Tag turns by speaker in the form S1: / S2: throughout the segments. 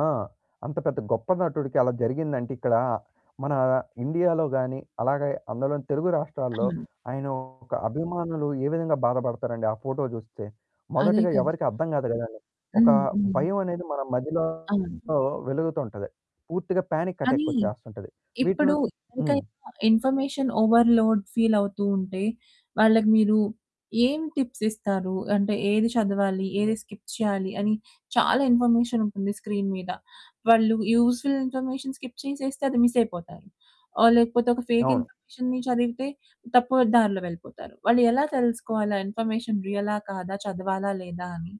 S1: ఆ! అంత పెద్ద గొప్ప నటుడికి అలా జరిగిందంటే ఇక్కడ మన ఇండియాలో గాని అలాగే, అందులోని తెలుగు రాష్ట్రాల్లో
S2: ఆ!
S1: ఆయన ఒక అభిమానులు ఏ విధంగా బాధపడతారండి. ఆ ఫోటో జూస్తే.
S2: అదే
S1: మొదటిగా
S2: కదా!
S1: ఎవరికీ అర్థం కాదు కదండీ. ఒక
S2: హ్మ్. హ్మ్.
S1: భయం అనేది మన మదిలో
S2: అవును.
S1: వెలుగుతుంటది. పూర్తిగా పానిక్ అటాక్
S2: కానీ
S1: వచ్చేస్తుంటది. వీటి
S2: ఇప్పుడు
S1: నుం
S2: ఇంక
S1: హ్మ్.
S2: ఇంకా ఇన్ఫర్మేషన్ ఓవర్‌లోడ్ ఫీల్ అవుతూ ఉంటే. వాళ్ళకి మీరు ఏం టిప్స్ ఇస్తారు? అంటే ఏది చదవాలి? ఏది స్కిప్ చేయాలి అని? చాలా ఇన్ఫర్మేషన్ ఉంటుంది స్క్రీన్ మీద. వాళ్ళు యూజ్ఫుల్ ఇన్ఫర్మేషన్ స్కిప్ చేసేస్తే అది మిస్ అయిపోతారు. ఆహ్, లేకపోతే ఒక ఫేక్
S1: అవును.
S2: ఇన్ఫర్మేషన్‌‌ని చదివితే తప్పు దారిలో వెళ్ళిపోతారు. వాళ్ళు ఎలా తెలుసుకోవాలి ఆ ఇన్ఫర్మేషన్ రియలా కాదా? చదవాలా? లేదా అని?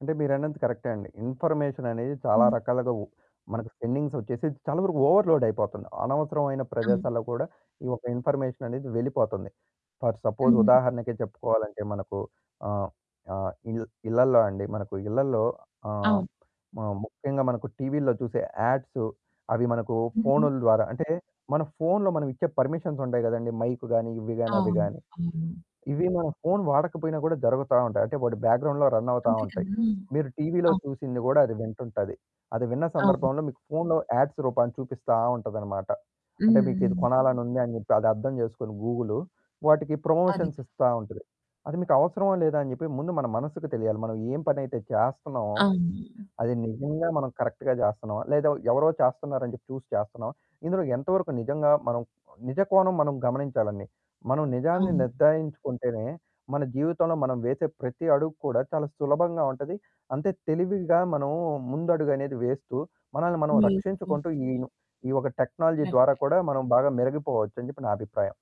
S1: అంటే మీరన్నది కరెక్టే అండి. ఇన్ఫర్మేషన్ అనేది చాలా
S2: హ్మ్.
S1: రకాలుగా ఉప్ మనకు స్పేండింగ్స్ వచ్చేసి చాలా వరకు ఓవర్‌లోడ్ అయిపోతున్నాయి. అనవసరమైన
S2: అవును.
S1: ప్రదేశాల్లో కూడా ఈ యొక్క ఇన్ఫర్మేషన్ అనేది వెళ్ళిపోతుంది. ఫర్ సపోజ్
S2: హుహు.
S1: ఉదాహరణకి చెప్పుకోవాలంటే మనకు ఆహ్, ఆహ్, ఇ ఇళ్ళల్లో అండి మనకు ఇళ్లల్లో ఆహ్,
S2: అవును.
S1: మ ముఖ్యంగా మనకు టీవీల్లో చూసే యాడ్స్. అవి మనకు
S2: హుహు.
S1: ఫోనుల ద్వారా అంటే మన ఫోన్లో మనం ఇచ్చే పర్మిషన్స్ ఉంటాయి కదండీ. మైక్ గాని, ఇవి గాని అవి
S2: అవును.
S1: గాని.
S2: అవును.
S1: ఇవి మన ఫోను వాడకపోయినా గూడా జరుగుతా ఉంటాయి. అంటే వాటి బ్యాక్‌గ్రౌండ్‌లో రన్ అవుతా
S2: అంతే
S1: ఉంటాయి.
S2: కదా!
S1: మీరు టీవీలో
S2: అవు
S1: చూసింది కూడా అది వింటుంటది. అది విన్న
S2: అవును.
S1: సందర్భంలో మీకు ఫోన్లో యాడ్స్ రూపాన్నా చూపిస్తా ఉంటాదన్నమాట.
S2: హ్మ్.
S1: అంటే మీకు ఇది
S2: హ్మ్.
S1: కొనాలని ఉంది అని చెప్పి అది అర్థం చేసుకొని గూగులు. వాటికి
S2: అదే
S1: ప్రమోషన్స్
S2: కదా!
S1: ఇస్తా ఉంటది. అది మీకు అవసరమా లేదా అని చెప్పి ముందు మన మనకు తెలియాలి. మనం ఎం పనైతే చేస్తున్నామో.
S2: అవును.
S1: అది నిజంగా మనం కరెక్ట్‌గా చేస్తున్నామా? లేదా ఎవరో చేస్తున్నారని చెప్పి చూసి చేస్తున్నామా? ఇందులో ఎంతవరకు నిజంగా మనం నిజ కోణం మనం గమనించాలండి. మనం నిజాన్ని
S2: అవును.
S1: నిర్ధారించుకుంటేనే మన జీవితంలో మనం వేసే ప్రతి అడుగు కూడా చాలా సులభంగా ఉంటది. అంతే తెలివిగా మనం ముందడుగు అనేది వేస్తూ మనల్ని మనం
S2: [unintelligible]
S1: రక్షించుకుంటూ ఈ ఈ ఒక టెక్నాలజీ
S2: కరెక్ట్.
S1: ద్వారా కూడా మనం బాగా మెరిగిపోవచ్చు అని చెప్పి నా అభిప్రాయం.